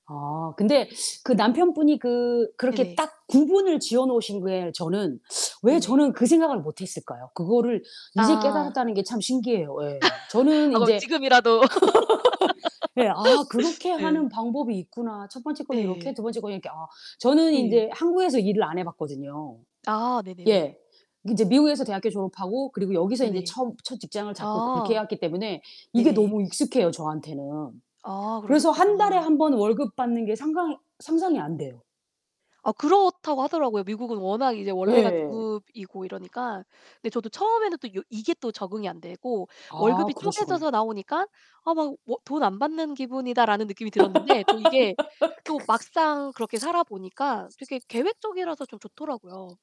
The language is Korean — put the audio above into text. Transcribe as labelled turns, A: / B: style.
A: 아 근데 그 남편분이 그 그렇게
B: 네네.
A: 딱 구분을 지어 놓으신 게 저는 왜
B: 네네.
A: 저는 그 생각을 못 했을까요? 그거를 이제
B: 아.
A: 깨달았다는 게 참 신기해요. 예. 저는
B: 아 그럼
A: 인제
B: 지금이라도.
A: 예. 아 그렇게
B: 네.
A: 하는 방법이 있구나. 첫 번째 거는 요렇게
B: 네.
A: 2 번째 거는 이렇게 아. 저는
B: 예.
A: 인제 한국에서 일을 안 해 봤거든요.
B: 아 네네네.
A: 예. 인제 미국에서 대학교 졸업하고 그리고 여기서 인제
B: 네네.
A: 처음 첫 직장을 잡고 그렇게 해
B: 아.
A: 왔기 때문에 이게
B: 네네.
A: 너무 익숙해요, 저한테는.
B: 아
A: 그래서 1 달에
B: 그러셨구나.
A: 1 번 월급 받는 게 상상 상상이 안 돼요.
B: 아 그렇다고 하더라고요. 미국은 워낙 이제 원래가
A: 예.
B: 주급이고 이러니까. 근데 저도 처음에는 또 요 이게 또 적응이 안 되고
A: 아
B: 월급이
A: 그러시구나.
B: 쪼개져서 나오니까 '아 막 뭐 돈 안 받는 기분이다.'라는 느낌이 들었는데 또 이게 또 막상 그렇게 살아 보니까 되게 계획적이라서 좀 좋더라고요.